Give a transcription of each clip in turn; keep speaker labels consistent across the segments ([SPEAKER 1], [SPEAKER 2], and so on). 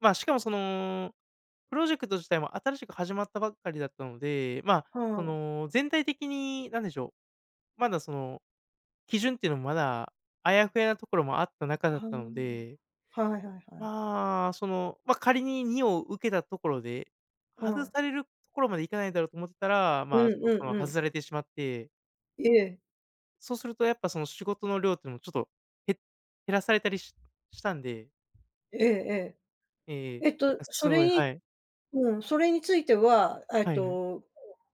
[SPEAKER 1] まあ、しかもその、プロジェクト自体も新しく始まったばっかりだったので、まあ、
[SPEAKER 2] ふ
[SPEAKER 1] そ
[SPEAKER 2] ん。
[SPEAKER 1] の、全体的になんでしょう、まだ、その、基準っていうのもまだ、あやふやところもあった中
[SPEAKER 2] あ
[SPEAKER 1] だったので
[SPEAKER 2] あ、はいはいはい。
[SPEAKER 1] まあ、その、ま、仮に2を受けたところで、
[SPEAKER 2] う
[SPEAKER 1] 外
[SPEAKER 2] ん。
[SPEAKER 1] されるところまでいかないだろうと思ってたら、
[SPEAKER 2] う
[SPEAKER 1] ま
[SPEAKER 2] ん
[SPEAKER 1] あ、そ
[SPEAKER 2] う
[SPEAKER 1] そ
[SPEAKER 2] ん
[SPEAKER 1] の
[SPEAKER 2] う
[SPEAKER 1] 外
[SPEAKER 2] ん。
[SPEAKER 1] されてしまって。
[SPEAKER 2] ええ。
[SPEAKER 1] そうするとやっぱその仕事の量ってのもちょっとへ減らされたりししたんで
[SPEAKER 2] ええええ。
[SPEAKER 1] ええ、
[SPEAKER 2] えっと、
[SPEAKER 1] あ、
[SPEAKER 2] そ
[SPEAKER 1] す
[SPEAKER 2] れ
[SPEAKER 1] ごい
[SPEAKER 2] に
[SPEAKER 1] はい。
[SPEAKER 2] うん、それについては、あ、えっ
[SPEAKER 1] はいはい。
[SPEAKER 2] と、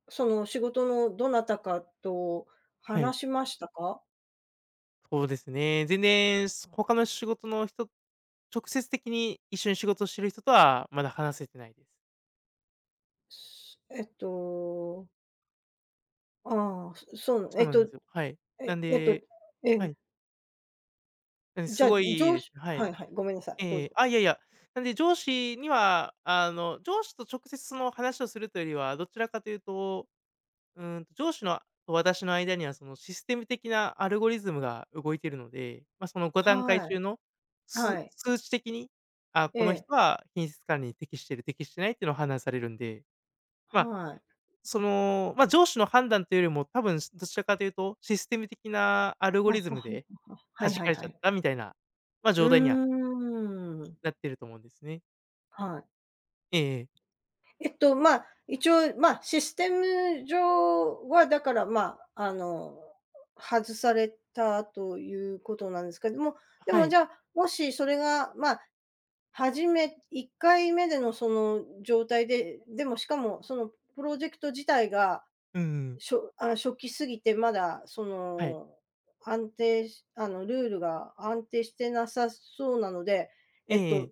[SPEAKER 2] その仕事のどなたかと
[SPEAKER 1] はい。
[SPEAKER 2] 話しましたか？
[SPEAKER 1] そうですね。全然す他の仕事の人直接的に一緒に仕事している人とはまだ話せてないです。
[SPEAKER 2] えっとああ、そそう、
[SPEAKER 1] そ
[SPEAKER 2] え
[SPEAKER 1] う
[SPEAKER 2] っ
[SPEAKER 1] なんで
[SPEAKER 2] と
[SPEAKER 1] すよはい、
[SPEAKER 2] え
[SPEAKER 1] なん
[SPEAKER 2] えっと
[SPEAKER 1] で
[SPEAKER 2] え
[SPEAKER 1] は
[SPEAKER 2] え。
[SPEAKER 1] い。え、
[SPEAKER 2] じ
[SPEAKER 1] す
[SPEAKER 2] ゃ、
[SPEAKER 1] ご
[SPEAKER 2] 上
[SPEAKER 1] い
[SPEAKER 2] 司
[SPEAKER 1] は
[SPEAKER 2] は
[SPEAKER 1] い。
[SPEAKER 2] いはい、ごめんなさい、どう
[SPEAKER 1] ええ
[SPEAKER 2] ぞ。
[SPEAKER 1] あ、いやいや、なんで上司には、あの上司と直接その話をするというよりは、どちらかというと、うん、と、上司の私の間には、そのシステム的なアルゴリズムが動いているので、まあ、その5段階
[SPEAKER 2] は
[SPEAKER 1] 中
[SPEAKER 2] い、
[SPEAKER 1] の、す
[SPEAKER 2] はい。
[SPEAKER 1] 数値的に、あ、この
[SPEAKER 2] ええ
[SPEAKER 1] 人は品質管理に適している、適してないっていうのは判断されるんで、まあ、
[SPEAKER 2] はい。
[SPEAKER 1] その、まあ、上司の判断というよりも、多分しどちらかというとシステム的なアルゴ
[SPEAKER 2] わ、
[SPEAKER 1] リズ
[SPEAKER 2] はは、
[SPEAKER 1] ムで、
[SPEAKER 2] は、は。は
[SPEAKER 1] は
[SPEAKER 2] い
[SPEAKER 1] じ
[SPEAKER 2] は
[SPEAKER 1] か
[SPEAKER 2] い
[SPEAKER 1] れち
[SPEAKER 2] は
[SPEAKER 1] ゃっ
[SPEAKER 2] い。
[SPEAKER 1] たみたいな、まあ
[SPEAKER 2] う
[SPEAKER 1] 状態には
[SPEAKER 2] ーん。
[SPEAKER 1] なってると思うんですね。
[SPEAKER 2] はい。
[SPEAKER 1] ええええ。
[SPEAKER 2] えっと、まあ、一応まあ、システム上はだから、まあ、あの、外されたということなんですけども、で
[SPEAKER 1] は
[SPEAKER 2] も
[SPEAKER 1] い。
[SPEAKER 2] じゃあ、もしそれが、まあ、初め1回目でのその状態で、でもしかもそのプロジェクト自体が、
[SPEAKER 1] うんうんうん。
[SPEAKER 2] しょあ、初期過ぎてまだそ
[SPEAKER 1] はい。
[SPEAKER 2] の安定しあのルールが安定してなさそうなので、
[SPEAKER 1] え
[SPEAKER 2] えっ
[SPEAKER 1] ええ
[SPEAKER 2] と
[SPEAKER 1] え。